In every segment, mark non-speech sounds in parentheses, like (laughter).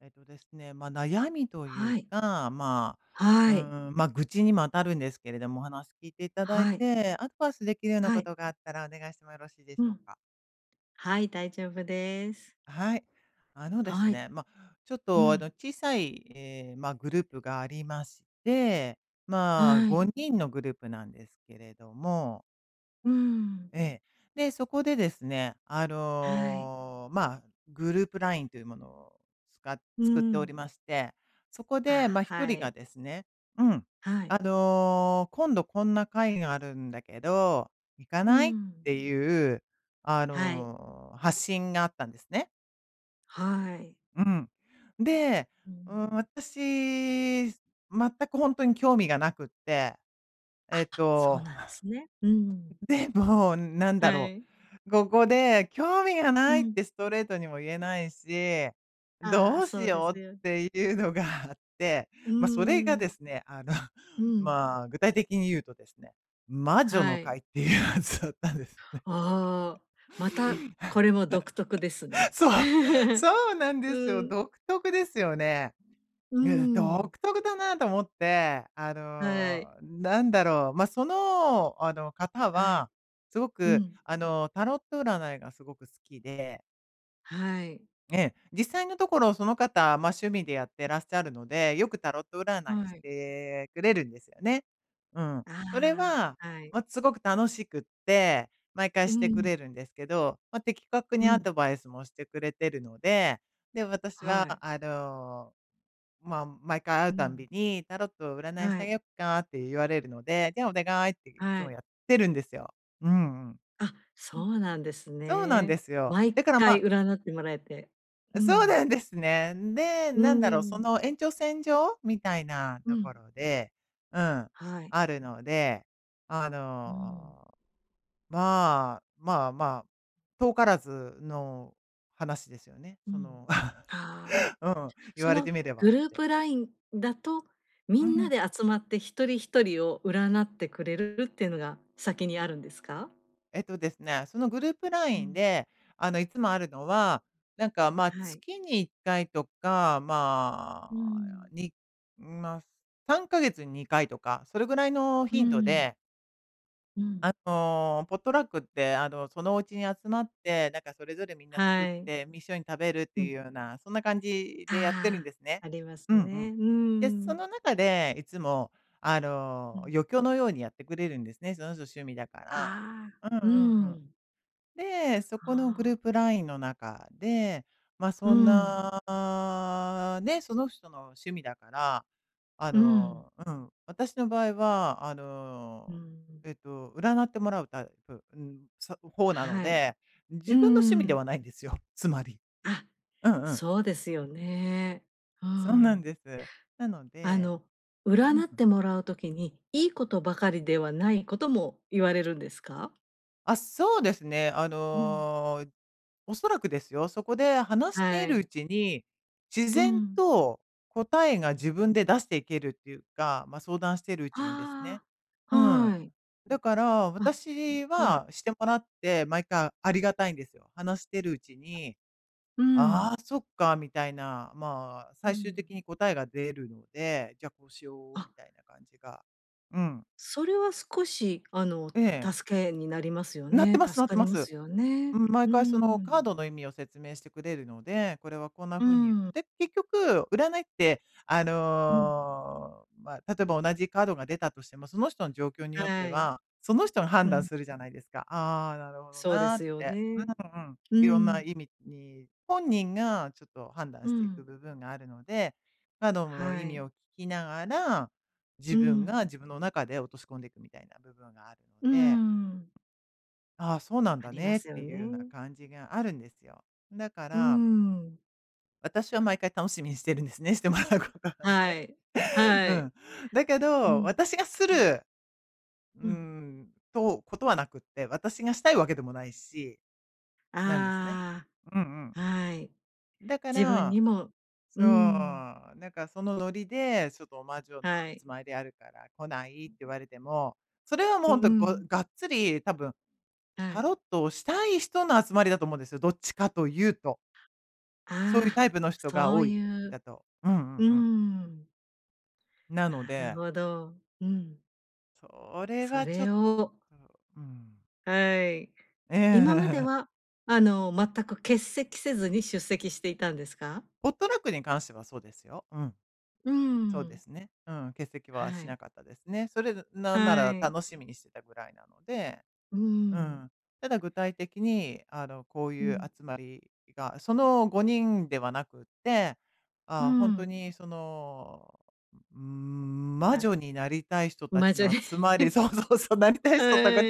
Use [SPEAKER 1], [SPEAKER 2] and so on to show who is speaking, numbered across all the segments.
[SPEAKER 1] えっとですね、ま、悩
[SPEAKER 2] はい。
[SPEAKER 1] みという
[SPEAKER 2] は
[SPEAKER 1] か、ま
[SPEAKER 2] い。
[SPEAKER 1] あ、うーん、ま、愚痴にも当たるんですけれども、お話聞い
[SPEAKER 2] はい。
[SPEAKER 1] ていただいて、アド
[SPEAKER 2] は
[SPEAKER 1] バイ
[SPEAKER 2] い。
[SPEAKER 1] スできるようなことがあったらお願いしてもよろしいでしょうか？
[SPEAKER 2] うん。はい、大丈夫です。
[SPEAKER 1] はい。あのです
[SPEAKER 2] はい。うん。
[SPEAKER 1] ね、ま、ちょっと、あの、小さい、え、ま、グループがありまし
[SPEAKER 2] は
[SPEAKER 1] て。
[SPEAKER 2] い。
[SPEAKER 1] まあ、5人のグループなんですけれども。
[SPEAKER 2] うーん。
[SPEAKER 1] ええ。で、そこでですね、あ
[SPEAKER 2] はい。
[SPEAKER 1] の、ま、グループ LINE というものを、
[SPEAKER 2] うー
[SPEAKER 1] つ
[SPEAKER 2] ん。
[SPEAKER 1] か作っておりまして。そこ
[SPEAKER 2] あ、はい。
[SPEAKER 1] で、ま、1人がですね
[SPEAKER 2] はい。
[SPEAKER 1] うん、あの、「今度こんな会があるんだけ
[SPEAKER 2] う
[SPEAKER 1] ど、行
[SPEAKER 2] ん。
[SPEAKER 1] かない？」っていう、
[SPEAKER 2] はい。
[SPEAKER 1] あの、発信があったんですね。
[SPEAKER 2] はい。
[SPEAKER 1] うん。
[SPEAKER 2] うん。
[SPEAKER 1] で、うーん、私、全くほんとに興味がなくって。
[SPEAKER 2] あ
[SPEAKER 1] えっ
[SPEAKER 2] あ、そう
[SPEAKER 1] と
[SPEAKER 2] なんですね。うん。
[SPEAKER 1] でも、
[SPEAKER 2] はい。
[SPEAKER 1] なんだろう、ここで、
[SPEAKER 2] う
[SPEAKER 1] 「興
[SPEAKER 2] ん。
[SPEAKER 1] 味がない」ってストレートにも言えないし、
[SPEAKER 2] あ
[SPEAKER 1] ど
[SPEAKER 2] あ、
[SPEAKER 1] う
[SPEAKER 2] そうですよ。
[SPEAKER 1] しようっていうのがあって。
[SPEAKER 2] うーん。
[SPEAKER 1] ま、それがですね、
[SPEAKER 2] う
[SPEAKER 1] あの、
[SPEAKER 2] ん。
[SPEAKER 1] (laughs) まあ、具体的に言うとですね、
[SPEAKER 2] はい。
[SPEAKER 1] 魔女の会っていうやつだったんですね。
[SPEAKER 2] ああ、また、これも独特です
[SPEAKER 1] (laughs)
[SPEAKER 2] ね。
[SPEAKER 1] そう、
[SPEAKER 2] (laughs) うん。
[SPEAKER 1] そうなんですよ。独特ですよね。
[SPEAKER 2] うーん。
[SPEAKER 1] うん、独特だなと思っ
[SPEAKER 2] は
[SPEAKER 1] て、あ
[SPEAKER 2] い。
[SPEAKER 1] の、なんだろう、ま、その、あの、方
[SPEAKER 2] はい。うん。
[SPEAKER 1] は、すごく、あの、タロット占いがすごく好きで。
[SPEAKER 2] はい。
[SPEAKER 1] ええ、実際のところ、その方、ま、趣味でやってらっしゃるので、よくタロッ
[SPEAKER 2] はい。
[SPEAKER 1] ト占いしてくれるんですよね。うん。
[SPEAKER 2] ああ、
[SPEAKER 1] それ
[SPEAKER 2] はい。
[SPEAKER 1] は、ま、すごく楽しくっ
[SPEAKER 2] う
[SPEAKER 1] て、
[SPEAKER 2] ーん。
[SPEAKER 1] 毎回してくれるんですけど。
[SPEAKER 2] う
[SPEAKER 1] ま、
[SPEAKER 2] ん。
[SPEAKER 1] 的確にアドバイスもしてくれてるので。で、
[SPEAKER 2] はい。
[SPEAKER 1] 私は、あの、
[SPEAKER 2] う
[SPEAKER 1] ま、
[SPEAKER 2] ん。
[SPEAKER 1] 毎回会うたんびに「タロッ
[SPEAKER 2] はい。
[SPEAKER 1] トを占いしてあげようか？」って言われるので、「じゃあ、お願
[SPEAKER 2] はい。
[SPEAKER 1] い」っていつもやってるんですよ。うんうん。
[SPEAKER 2] あ、
[SPEAKER 1] う
[SPEAKER 2] そ
[SPEAKER 1] ん、
[SPEAKER 2] うなんです
[SPEAKER 1] そうなんで
[SPEAKER 2] ね。
[SPEAKER 1] すよ。だから、ま
[SPEAKER 2] 毎回占ってもらえて。うん。
[SPEAKER 1] そうなんですね。んで、
[SPEAKER 2] うーん。
[SPEAKER 1] なんだろ、その延長線上
[SPEAKER 2] う
[SPEAKER 1] みたい
[SPEAKER 2] ん。
[SPEAKER 1] なところで、
[SPEAKER 2] は
[SPEAKER 1] う
[SPEAKER 2] い。
[SPEAKER 1] ん、あるので、
[SPEAKER 2] う
[SPEAKER 1] あ
[SPEAKER 2] ーん。
[SPEAKER 1] の、まあ、まあまあ、遠からずの話ですよね。
[SPEAKER 2] う
[SPEAKER 1] そ
[SPEAKER 2] ん。
[SPEAKER 1] の (chuckles)
[SPEAKER 2] ああ。
[SPEAKER 1] うん、言
[SPEAKER 2] そ
[SPEAKER 1] われて
[SPEAKER 2] の
[SPEAKER 1] みればって。
[SPEAKER 2] グループ LINE だ
[SPEAKER 1] う
[SPEAKER 2] と、
[SPEAKER 1] ん。
[SPEAKER 2] みんなで集まって一人一人を占ってくれるっていうのが先にあるんですか？
[SPEAKER 1] えっとですね、そ
[SPEAKER 2] う
[SPEAKER 1] のグル
[SPEAKER 2] ん。
[SPEAKER 1] ープ LINE で、あの、いつもあるのは、
[SPEAKER 2] は
[SPEAKER 1] な
[SPEAKER 2] い。
[SPEAKER 1] んか、ま、月に1回とか、
[SPEAKER 2] うーん。
[SPEAKER 1] まあ、にま、3か月に2回とか、そ
[SPEAKER 2] うー
[SPEAKER 1] れぐらい
[SPEAKER 2] ん。
[SPEAKER 1] の頻度で
[SPEAKER 2] うん。
[SPEAKER 1] あの、ポットラックって、あの、そのお家に集まって、なん
[SPEAKER 2] は
[SPEAKER 1] かそれぞれ
[SPEAKER 2] い。
[SPEAKER 1] みんな作って、み一
[SPEAKER 2] う
[SPEAKER 1] 緒に
[SPEAKER 2] ん。
[SPEAKER 1] 食べるっていうような、そんな感じ
[SPEAKER 2] あ
[SPEAKER 1] でやってるんで
[SPEAKER 2] あ、
[SPEAKER 1] すね。
[SPEAKER 2] あります
[SPEAKER 1] うんう
[SPEAKER 2] ね。
[SPEAKER 1] ん。
[SPEAKER 2] うーん。
[SPEAKER 1] で、その中でいつも、
[SPEAKER 2] う
[SPEAKER 1] あ
[SPEAKER 2] ん。
[SPEAKER 1] の、余興のようにやってくれるんですね、その人趣味だから。
[SPEAKER 2] ああ、
[SPEAKER 1] うん
[SPEAKER 2] うーん。
[SPEAKER 1] うんうん。で、
[SPEAKER 2] ああ。
[SPEAKER 1] そこのグループ LINE の中
[SPEAKER 2] う
[SPEAKER 1] で、
[SPEAKER 2] ーん。
[SPEAKER 1] ま、そんなね、その人の趣味だから、
[SPEAKER 2] うーん。
[SPEAKER 1] あの、うん、私の場合は、あ
[SPEAKER 2] うーん。
[SPEAKER 1] の、えっと、占ってもらうタイプうん、そほうなの
[SPEAKER 2] はい。
[SPEAKER 1] で、
[SPEAKER 2] うーん。
[SPEAKER 1] 自分の趣味ではないんですよ、つまり。うんうん。
[SPEAKER 2] あ、そうですよね。うーん。
[SPEAKER 1] そうなんです。なの
[SPEAKER 2] あ
[SPEAKER 1] でうん。
[SPEAKER 2] の、占ってもらう時に、良いことばかりではないことも言われるんですか？
[SPEAKER 1] あ、そうです
[SPEAKER 2] う
[SPEAKER 1] ね。
[SPEAKER 2] ん。
[SPEAKER 1] あの、おそらくですよ、そこで
[SPEAKER 2] はい。
[SPEAKER 1] 話しているうちに、
[SPEAKER 2] うーん。
[SPEAKER 1] 自然と
[SPEAKER 2] うん。
[SPEAKER 1] 答えが自分で出していけるっていうか、ま、相談してるう
[SPEAKER 2] ああ、
[SPEAKER 1] ちにですね。
[SPEAKER 2] はい。
[SPEAKER 1] うん。だから、
[SPEAKER 2] あ、はい。
[SPEAKER 1] 私はしてもらって、毎回ありがたいんですよ。話してるうち
[SPEAKER 2] うん。
[SPEAKER 1] に、「ああ、そっか」みたいな、
[SPEAKER 2] うん。
[SPEAKER 1] ま、最終的に答えが出るので、じゃあ、
[SPEAKER 2] あ
[SPEAKER 1] こうしよう、みたいな感じがうん。
[SPEAKER 2] それは少
[SPEAKER 1] え
[SPEAKER 2] し、
[SPEAKER 1] え。
[SPEAKER 2] あの、助けになりますよ
[SPEAKER 1] なって
[SPEAKER 2] ね、
[SPEAKER 1] ますな
[SPEAKER 2] 助
[SPEAKER 1] っ
[SPEAKER 2] か
[SPEAKER 1] て
[SPEAKER 2] り
[SPEAKER 1] ま
[SPEAKER 2] ま
[SPEAKER 1] す。
[SPEAKER 2] すよね。
[SPEAKER 1] うん、
[SPEAKER 2] う
[SPEAKER 1] 毎
[SPEAKER 2] ーん。
[SPEAKER 1] 回そのカードの意味を説明してくれるの
[SPEAKER 2] う
[SPEAKER 1] で、これは
[SPEAKER 2] ーん。
[SPEAKER 1] こんなふうに言ってで、結局、占いって、
[SPEAKER 2] うん。
[SPEAKER 1] あの、まあ、例えば同じカードが出たとしても、その人の状況によっ
[SPEAKER 2] は
[SPEAKER 1] て
[SPEAKER 2] い。うん。
[SPEAKER 1] は、その人が判断するじゃないですか、「あああ、なるほど
[SPEAKER 2] そうで
[SPEAKER 1] な」っ
[SPEAKER 2] すよね。
[SPEAKER 1] て。うんうん。
[SPEAKER 2] うーん。
[SPEAKER 1] いろんな意味に、本人が
[SPEAKER 2] う
[SPEAKER 1] ちょっと
[SPEAKER 2] ん。
[SPEAKER 1] 判断していく部分があるの
[SPEAKER 2] は
[SPEAKER 1] で、カー
[SPEAKER 2] い。
[SPEAKER 1] ドの意味を聞きなが
[SPEAKER 2] う
[SPEAKER 1] ら、
[SPEAKER 2] ん。
[SPEAKER 1] 自分が自分の中で落とし込んでいくみたいな部分があるので
[SPEAKER 2] うーん。
[SPEAKER 1] 「あ、そうなん
[SPEAKER 2] あ
[SPEAKER 1] だ
[SPEAKER 2] りま
[SPEAKER 1] ね。」っ
[SPEAKER 2] すよね。
[SPEAKER 1] ていうような感じがあるんですよ。だから
[SPEAKER 2] うーん。
[SPEAKER 1] 私は毎回楽しみにしてるんですね、してもらうことは
[SPEAKER 2] は
[SPEAKER 1] ね。
[SPEAKER 2] い。は
[SPEAKER 1] う
[SPEAKER 2] い。
[SPEAKER 1] ん。だけ
[SPEAKER 2] うん。う
[SPEAKER 1] ど、
[SPEAKER 2] ん。
[SPEAKER 1] 私がする、
[SPEAKER 2] うん。
[SPEAKER 1] うーんと、ことはなくって、私がしたいわけでもないしなんですね。うんうん。
[SPEAKER 2] ああ、はい。
[SPEAKER 1] だか
[SPEAKER 2] 自分
[SPEAKER 1] ら
[SPEAKER 2] にもうーん。
[SPEAKER 1] そう、なんか、そのノリで
[SPEAKER 2] は
[SPEAKER 1] 「ちょっと
[SPEAKER 2] い。
[SPEAKER 1] 魔女の集まりあるから来ない？」って言われても、
[SPEAKER 2] うう
[SPEAKER 1] それは
[SPEAKER 2] ん。
[SPEAKER 1] もうほんと、ごがっつり、多
[SPEAKER 2] は
[SPEAKER 1] 分、
[SPEAKER 2] い。
[SPEAKER 1] タロットをしたい人の集まりだと思うんですよ、どっちかというと。そういう
[SPEAKER 2] あ
[SPEAKER 1] タ
[SPEAKER 2] あ、
[SPEAKER 1] イプの人が
[SPEAKER 2] そう
[SPEAKER 1] 多い
[SPEAKER 2] いう
[SPEAKER 1] だと。うんうんうん。
[SPEAKER 2] うーん。
[SPEAKER 1] なので
[SPEAKER 2] なるほど。うん。
[SPEAKER 1] それ
[SPEAKER 2] そ
[SPEAKER 1] は
[SPEAKER 2] れを
[SPEAKER 1] ちょっとうん。
[SPEAKER 2] はい。
[SPEAKER 1] ええ。(laughs)
[SPEAKER 2] 今までは、あの、全く欠席せずに出席していたんですか？
[SPEAKER 1] ポットラックに関してはそうですよ。うん。
[SPEAKER 2] うーん。
[SPEAKER 1] そうですね、うん、
[SPEAKER 2] は
[SPEAKER 1] 欠
[SPEAKER 2] い。
[SPEAKER 1] 席はしなかったです
[SPEAKER 2] は
[SPEAKER 1] ね。それず
[SPEAKER 2] い。
[SPEAKER 1] なんなら、楽しみにしてたぐらいなので。
[SPEAKER 2] うーん。
[SPEAKER 1] うん。ただ具体的に、
[SPEAKER 2] う
[SPEAKER 1] あ
[SPEAKER 2] ん。
[SPEAKER 1] の、こういう集まりがその5人ではなくっ
[SPEAKER 2] う
[SPEAKER 1] て、
[SPEAKER 2] ーん。
[SPEAKER 1] あ、ほんとに、その、うーん、魔
[SPEAKER 2] あ、
[SPEAKER 1] 女になりたい人た
[SPEAKER 2] 魔
[SPEAKER 1] ち
[SPEAKER 2] 女
[SPEAKER 1] の
[SPEAKER 2] で (laughs)
[SPEAKER 1] 集まりそうそうそう、なりたい
[SPEAKER 2] はい。
[SPEAKER 1] 人たか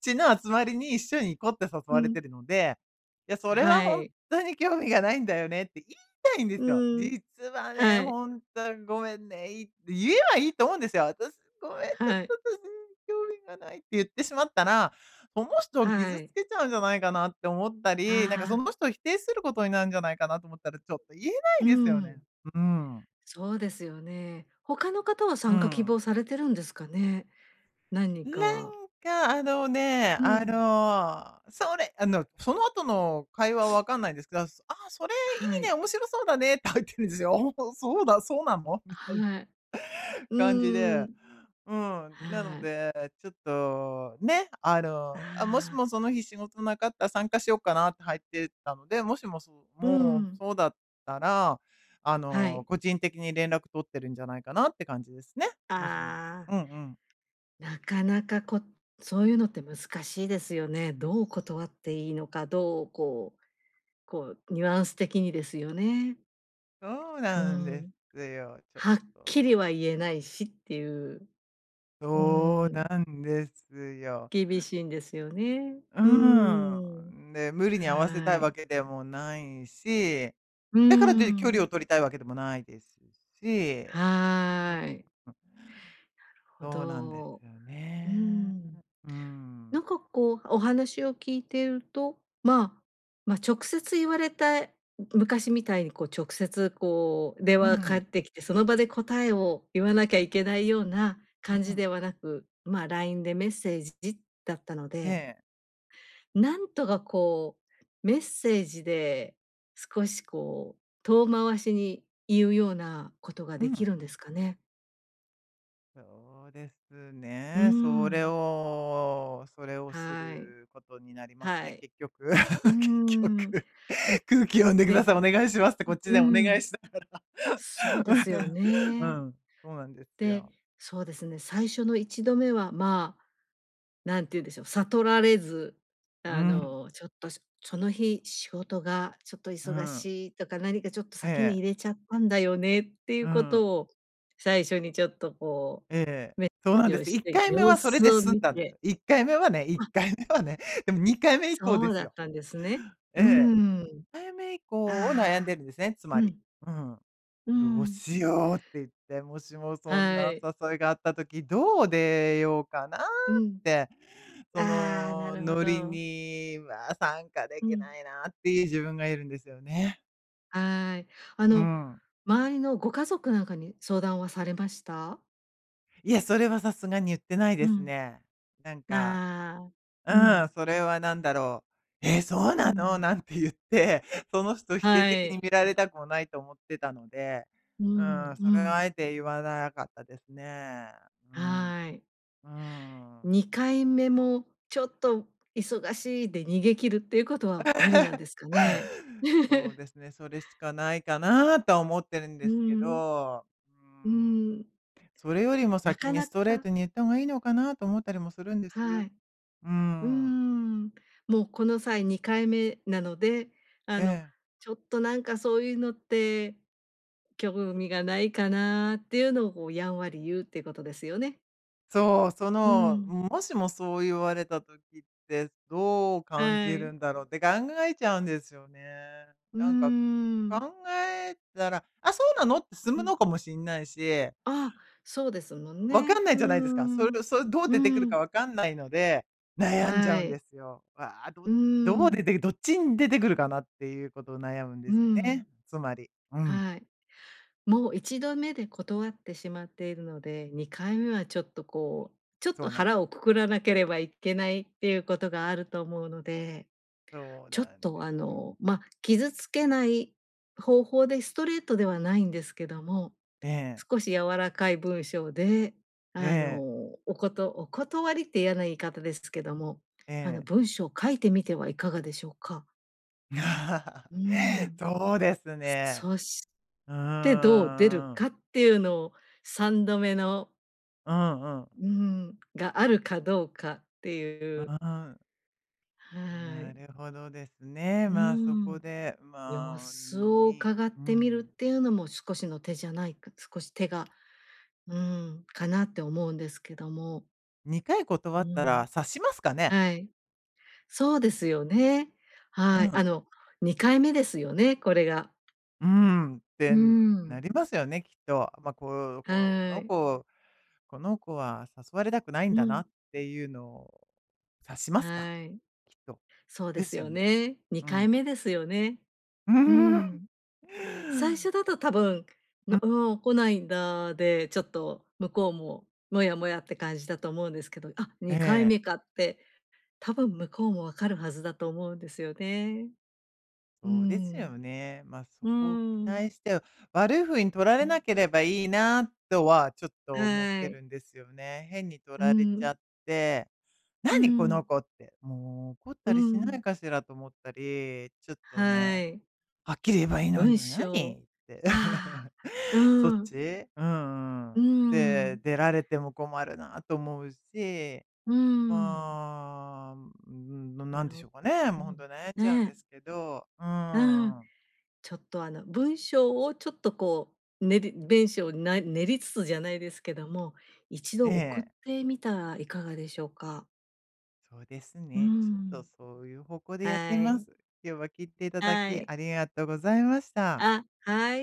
[SPEAKER 1] ちの集まりに一
[SPEAKER 2] う
[SPEAKER 1] 緒に行
[SPEAKER 2] ん。
[SPEAKER 1] こうって誘われてるので、
[SPEAKER 2] は
[SPEAKER 1] 「いや、
[SPEAKER 2] い。
[SPEAKER 1] それはほんっとに興味がないんだよね。」って言いたいんで
[SPEAKER 2] う
[SPEAKER 1] すよ。
[SPEAKER 2] ーん。はい。
[SPEAKER 1] 「実はね、ほんと、ごめんね」いって言えばいいと思うんですよ。「私、
[SPEAKER 2] はい。
[SPEAKER 1] ごめん、ちょっと、ちょうーん、興味がない」って言ってしまったら、その
[SPEAKER 2] はい。
[SPEAKER 1] 人を傷つけちゃうんじゃないかな
[SPEAKER 2] あ
[SPEAKER 1] って思っ
[SPEAKER 2] あ。
[SPEAKER 1] たり、なんか、その人を否定することになるんじゃないかなと思ったら、ちょっ
[SPEAKER 2] うーん。
[SPEAKER 1] と言えないですよね、ううーん。
[SPEAKER 2] そうですよね。
[SPEAKER 1] うー
[SPEAKER 2] 他の方
[SPEAKER 1] ん。
[SPEAKER 2] は参加希望されてるんですかね。何人かは。
[SPEAKER 1] なんか、あ
[SPEAKER 2] う
[SPEAKER 1] の
[SPEAKER 2] ん。
[SPEAKER 1] ね、あの、それあの、その後
[SPEAKER 2] (sniffs)
[SPEAKER 1] の会話は分かんないんですが、「ああ、
[SPEAKER 2] はい。
[SPEAKER 1] それいいね。面白そうだね」って入ってるんですよ。ああ、そうそうだそうなの？みたいな
[SPEAKER 2] はい。う
[SPEAKER 1] 感じ
[SPEAKER 2] ーん、うん。は
[SPEAKER 1] で。
[SPEAKER 2] い。
[SPEAKER 1] うん、なので、ちょっとね、あ
[SPEAKER 2] ああ。
[SPEAKER 1] の、「あ、もしもその日仕事なかったら参加しようかな」って入ってったので、
[SPEAKER 2] うー
[SPEAKER 1] もしもそ
[SPEAKER 2] ん。
[SPEAKER 1] うもう、そうだったら、
[SPEAKER 2] はい。
[SPEAKER 1] あの、個人的に連絡取ってるんじゃないかなって感じですね。
[SPEAKER 2] ああ。
[SPEAKER 1] もしもうんうん。
[SPEAKER 2] なかなかこそういうのって難しいですよね。どう断っていいのか、どう、こうこう、ニュアンス的にですよね。
[SPEAKER 1] そう
[SPEAKER 2] うー
[SPEAKER 1] なんで
[SPEAKER 2] ん。
[SPEAKER 1] すよ、ちょっと。
[SPEAKER 2] はっきりは言えないし、っていう。うーん。
[SPEAKER 1] そうなんですよ。
[SPEAKER 2] 厳しいんですよね。
[SPEAKER 1] う
[SPEAKER 2] う
[SPEAKER 1] ー
[SPEAKER 2] ーん。
[SPEAKER 1] ん。で、無理
[SPEAKER 2] はい。
[SPEAKER 1] に合わせたいわけでもないし、
[SPEAKER 2] うーん。
[SPEAKER 1] だからと言って距離を取りたいわけでもないですし、うん。
[SPEAKER 2] はい。
[SPEAKER 1] うん。
[SPEAKER 2] なるほ
[SPEAKER 1] そうなんで
[SPEAKER 2] ど。
[SPEAKER 1] すよ
[SPEAKER 2] う
[SPEAKER 1] ね。
[SPEAKER 2] ん。
[SPEAKER 1] うーん。
[SPEAKER 2] なんか、こう、お話を聞いていると、まあ、ま、直接言われた昔みたいに、こう、直接、
[SPEAKER 1] うん。
[SPEAKER 2] こう、電話がかかってきて、その場で答えを言わなきゃいけないよ
[SPEAKER 1] う
[SPEAKER 2] うな
[SPEAKER 1] ん。
[SPEAKER 2] 感じではなく、ま、LINE でメッセージジ
[SPEAKER 1] え
[SPEAKER 2] だったので
[SPEAKER 1] え。
[SPEAKER 2] なんとか、こう、メッセージで、少し、こう、遠回しに言うよう
[SPEAKER 1] う
[SPEAKER 2] な
[SPEAKER 1] ん。
[SPEAKER 2] ことができるんですかね。
[SPEAKER 1] そうです
[SPEAKER 2] うーん。
[SPEAKER 1] ね。それをそれをす
[SPEAKER 2] はい。
[SPEAKER 1] ることになります
[SPEAKER 2] は
[SPEAKER 1] ね、
[SPEAKER 2] い。
[SPEAKER 1] 結局。
[SPEAKER 2] うーん。
[SPEAKER 1] (laughs) 結局。「空気読んでくだ
[SPEAKER 2] で
[SPEAKER 1] さい。お願いします」ってこっち
[SPEAKER 2] うう
[SPEAKER 1] でお願い
[SPEAKER 2] ん。
[SPEAKER 1] しなが
[SPEAKER 2] そうですよ
[SPEAKER 1] ら。(laughs) う
[SPEAKER 2] ね。
[SPEAKER 1] ん。うん、そうなんですよ。
[SPEAKER 2] で、そうですね。最初の1度目は、まあ、なんていうんでしょう、悟られ
[SPEAKER 1] うー
[SPEAKER 2] ず、
[SPEAKER 1] ん。
[SPEAKER 2] あの、ちょっと「そその日仕事
[SPEAKER 1] う
[SPEAKER 2] が
[SPEAKER 1] ー
[SPEAKER 2] ちょ
[SPEAKER 1] ん。
[SPEAKER 2] っと忙しい」と
[SPEAKER 1] え
[SPEAKER 2] か、何
[SPEAKER 1] え。
[SPEAKER 2] か「ちょっと先に入れちゃったんだ
[SPEAKER 1] うー
[SPEAKER 2] よね」っ
[SPEAKER 1] ん。
[SPEAKER 2] ていうことを、最初にちょっと、こ
[SPEAKER 1] ええ、
[SPEAKER 2] う、メッ
[SPEAKER 1] そ
[SPEAKER 2] セ
[SPEAKER 1] う
[SPEAKER 2] ー
[SPEAKER 1] なん
[SPEAKER 2] ジ
[SPEAKER 1] で
[SPEAKER 2] を
[SPEAKER 1] すよ。
[SPEAKER 2] し
[SPEAKER 1] いっ
[SPEAKER 2] て
[SPEAKER 1] かいめ
[SPEAKER 2] 様
[SPEAKER 1] はそれ
[SPEAKER 2] 子を見て。
[SPEAKER 1] で済んだんですよ。いっ
[SPEAKER 2] あ
[SPEAKER 1] かいめはね、1回目はね。でも2回目以降ですよ。
[SPEAKER 2] そうだったんですね。
[SPEAKER 1] え
[SPEAKER 2] うー
[SPEAKER 1] え。
[SPEAKER 2] ん。
[SPEAKER 1] 2回目以降を悩ん
[SPEAKER 2] ああ、う
[SPEAKER 1] で
[SPEAKER 2] ん。
[SPEAKER 1] るんですね、つまり。う
[SPEAKER 2] う
[SPEAKER 1] ん。
[SPEAKER 2] ーん。
[SPEAKER 1] どうしようって言っ
[SPEAKER 2] は
[SPEAKER 1] て。もしも
[SPEAKER 2] い。
[SPEAKER 1] そんな誘いがあった時、どう出ようかなっ
[SPEAKER 2] うん。
[SPEAKER 1] て。そ
[SPEAKER 2] ああ、なるほど。
[SPEAKER 1] のノリには
[SPEAKER 2] うん。
[SPEAKER 1] 参加できないなっていう自分がいるんですよね。うー
[SPEAKER 2] はい。
[SPEAKER 1] ん。
[SPEAKER 2] あの、周りのご家族なんかに相談はされました？
[SPEAKER 1] いや、それはさすがに言ってない
[SPEAKER 2] う
[SPEAKER 1] です
[SPEAKER 2] ん。
[SPEAKER 1] ね。なんか
[SPEAKER 2] まあ、うん。
[SPEAKER 1] うん、それは何だろ
[SPEAKER 2] う
[SPEAKER 1] う、「え！
[SPEAKER 2] ん。
[SPEAKER 1] そうなの？」なんて言って、
[SPEAKER 2] は
[SPEAKER 1] その
[SPEAKER 2] い。
[SPEAKER 1] 人否定的に見られたくもないと思ってたので。
[SPEAKER 2] うーん
[SPEAKER 1] う
[SPEAKER 2] うーん。
[SPEAKER 1] ーん、それはあえて言わなかったです
[SPEAKER 2] は
[SPEAKER 1] ね。う
[SPEAKER 2] い。
[SPEAKER 1] ーん。うーん。
[SPEAKER 2] 2回目も「ちょっと忙しい」で逃げ切るっていうことは無理なんですかね。(laughs)
[SPEAKER 1] (laughs) そうですね、それしかないかなとは思ってるん
[SPEAKER 2] うー
[SPEAKER 1] ですけ
[SPEAKER 2] ん。う
[SPEAKER 1] ど。うー
[SPEAKER 2] ーん。
[SPEAKER 1] ん。それよりも
[SPEAKER 2] なかなか
[SPEAKER 1] 先にストレートに言った方がいいのかなと思ったりもするんです。
[SPEAKER 2] は
[SPEAKER 1] う
[SPEAKER 2] い。
[SPEAKER 1] ーん。
[SPEAKER 2] うーん。もう、この際2回目なの
[SPEAKER 1] え
[SPEAKER 2] で、
[SPEAKER 1] え。
[SPEAKER 2] 「あの、ちょっと、なんか、そういうのって興味がないかな」っていうのを、こう、やんわり言うっていうことですよね。う
[SPEAKER 1] そう、
[SPEAKER 2] ーん。
[SPEAKER 1] その、もしもそう言われた時って、
[SPEAKER 2] は
[SPEAKER 1] どう
[SPEAKER 2] い。
[SPEAKER 1] 感じるんだろうって考えちゃうんですよね。
[SPEAKER 2] うー
[SPEAKER 1] なんか、
[SPEAKER 2] ん。
[SPEAKER 1] 考えたら、「あ、そ
[SPEAKER 2] う
[SPEAKER 1] うな
[SPEAKER 2] ん。
[SPEAKER 1] の？」って済むのかもしんないし。
[SPEAKER 2] あ、そうですもん
[SPEAKER 1] あ、分か
[SPEAKER 2] ね。
[SPEAKER 1] んない
[SPEAKER 2] うー
[SPEAKER 1] じゃないですか。そ
[SPEAKER 2] ん。うーん。
[SPEAKER 1] れそれどう出てくるか分かんないので、
[SPEAKER 2] はい。
[SPEAKER 1] 悩んじゃうんですよ。わあ、ど
[SPEAKER 2] うーん。
[SPEAKER 1] どう出てどっちに出てくるかなっていうことを悩むん
[SPEAKER 2] う
[SPEAKER 1] で
[SPEAKER 2] ー
[SPEAKER 1] すよ
[SPEAKER 2] ん。
[SPEAKER 1] ね、つまり。うん。
[SPEAKER 2] はい。もう、1度目で断ってしまっているので、2回目はちょっと、
[SPEAKER 1] そ
[SPEAKER 2] こう、
[SPEAKER 1] うなん
[SPEAKER 2] ちょっと腹をくくらなければいけないっていうことがあると思うので、
[SPEAKER 1] そう
[SPEAKER 2] ちょっ
[SPEAKER 1] なんですよ。
[SPEAKER 2] と、あの、ま、傷つけない方法でストレートではないんですけ
[SPEAKER 1] え
[SPEAKER 2] ど
[SPEAKER 1] え。
[SPEAKER 2] も、少し柔らかい文章
[SPEAKER 1] え
[SPEAKER 2] で、
[SPEAKER 1] え。
[SPEAKER 2] あの、おことお断りって嫌な言い方ですけ
[SPEAKER 1] え
[SPEAKER 2] ど
[SPEAKER 1] え。
[SPEAKER 2] も、あの、文章を書いてみてはいかがでしょうか。
[SPEAKER 1] いや、
[SPEAKER 2] うー
[SPEAKER 1] (laughs)
[SPEAKER 2] ん。
[SPEAKER 1] そうですね。
[SPEAKER 2] そそし
[SPEAKER 1] う
[SPEAKER 2] て
[SPEAKER 1] ーん。
[SPEAKER 2] どう出るかっていうのを、3度目の
[SPEAKER 1] うんうん。
[SPEAKER 2] うーん、があるかどうかっていう。
[SPEAKER 1] うーん。
[SPEAKER 2] はい。
[SPEAKER 1] なるほどですね。
[SPEAKER 2] うー
[SPEAKER 1] まあ、そこ
[SPEAKER 2] ん、
[SPEAKER 1] で、
[SPEAKER 2] 様
[SPEAKER 1] まあ、
[SPEAKER 2] 子を
[SPEAKER 1] にうん。
[SPEAKER 2] 伺ってみるっていうのも少しの手じゃないか少し手がうーん、かなって思うんですけども。
[SPEAKER 1] 2回断
[SPEAKER 2] う
[SPEAKER 1] ったら
[SPEAKER 2] ん。
[SPEAKER 1] 察しますかね？
[SPEAKER 2] はい。そうですよ
[SPEAKER 1] う
[SPEAKER 2] ね。
[SPEAKER 1] ん。
[SPEAKER 2] はい、あの、2回目ですよね、これが。
[SPEAKER 1] うーん、っ
[SPEAKER 2] うーん。
[SPEAKER 1] てなりますよね、きっと。
[SPEAKER 2] は
[SPEAKER 1] ま、こ
[SPEAKER 2] い。
[SPEAKER 1] この子この子は誘
[SPEAKER 2] う
[SPEAKER 1] われ
[SPEAKER 2] ん。
[SPEAKER 1] たくないんだなっていうのを察しますか、
[SPEAKER 2] はい。
[SPEAKER 1] きっと。
[SPEAKER 2] そうで
[SPEAKER 1] で
[SPEAKER 2] す
[SPEAKER 1] すよ
[SPEAKER 2] よ
[SPEAKER 1] ね。うん。
[SPEAKER 2] ね、2回目ですよね。
[SPEAKER 1] (chuckles)
[SPEAKER 2] うーん。最初だと多
[SPEAKER 1] う。
[SPEAKER 2] 分、の「おお、来ないんだ」で、ちょっと向こうもモヤモヤって感じだと思うんで
[SPEAKER 1] え
[SPEAKER 2] すけど、
[SPEAKER 1] え。
[SPEAKER 2] 「あ、2回目か」って多分向こうも分かるはずだと思うんですよね。うー
[SPEAKER 1] そうです
[SPEAKER 2] ん。
[SPEAKER 1] よね。ま、そ
[SPEAKER 2] うーん。
[SPEAKER 1] こを期待して
[SPEAKER 2] う
[SPEAKER 1] 悪い
[SPEAKER 2] ん。
[SPEAKER 1] ふうに取られなければいいなとは、ちょっ
[SPEAKER 2] はい。
[SPEAKER 1] と思ってるんですよ
[SPEAKER 2] うー
[SPEAKER 1] ね。変に
[SPEAKER 2] ん。
[SPEAKER 1] 取られちゃっ
[SPEAKER 2] うー
[SPEAKER 1] て、
[SPEAKER 2] ん。
[SPEAKER 1] 「何この子！」って、
[SPEAKER 2] うー
[SPEAKER 1] もう
[SPEAKER 2] ん。
[SPEAKER 1] 怒ったりしないかしらと思ったり、ちょっ
[SPEAKER 2] はい。
[SPEAKER 1] とね、「はっきり言えばいいの
[SPEAKER 2] 文
[SPEAKER 1] に、
[SPEAKER 2] 章
[SPEAKER 1] 何」って。
[SPEAKER 2] ああ、
[SPEAKER 1] (laughs)
[SPEAKER 2] うーん。
[SPEAKER 1] そっち？うんう
[SPEAKER 2] う
[SPEAKER 1] ん。
[SPEAKER 2] ーん。
[SPEAKER 1] で、出られても困るなと思うし。
[SPEAKER 2] うーん。
[SPEAKER 1] まあ、うーん、な
[SPEAKER 2] あ
[SPEAKER 1] 何でし
[SPEAKER 2] の
[SPEAKER 1] ょうかね、
[SPEAKER 2] う
[SPEAKER 1] もう
[SPEAKER 2] ん、
[SPEAKER 1] ほん
[SPEAKER 2] ね。
[SPEAKER 1] と悩んじゃうんですけど。うーん。
[SPEAKER 2] うん、ちょっと、あの、文章をちょっと、こう、練り文章をな練りつつじゃないですけども、
[SPEAKER 1] ええ。
[SPEAKER 2] 一度送ってみたらいかがでしょうか？
[SPEAKER 1] そうです
[SPEAKER 2] うー
[SPEAKER 1] ね。ちょっと、
[SPEAKER 2] ん。
[SPEAKER 1] そういう方向
[SPEAKER 2] はい。
[SPEAKER 1] でやってみます。今日は聞い
[SPEAKER 2] はい。
[SPEAKER 1] ていただきありがとうございました。
[SPEAKER 2] あ、はい。ありがとう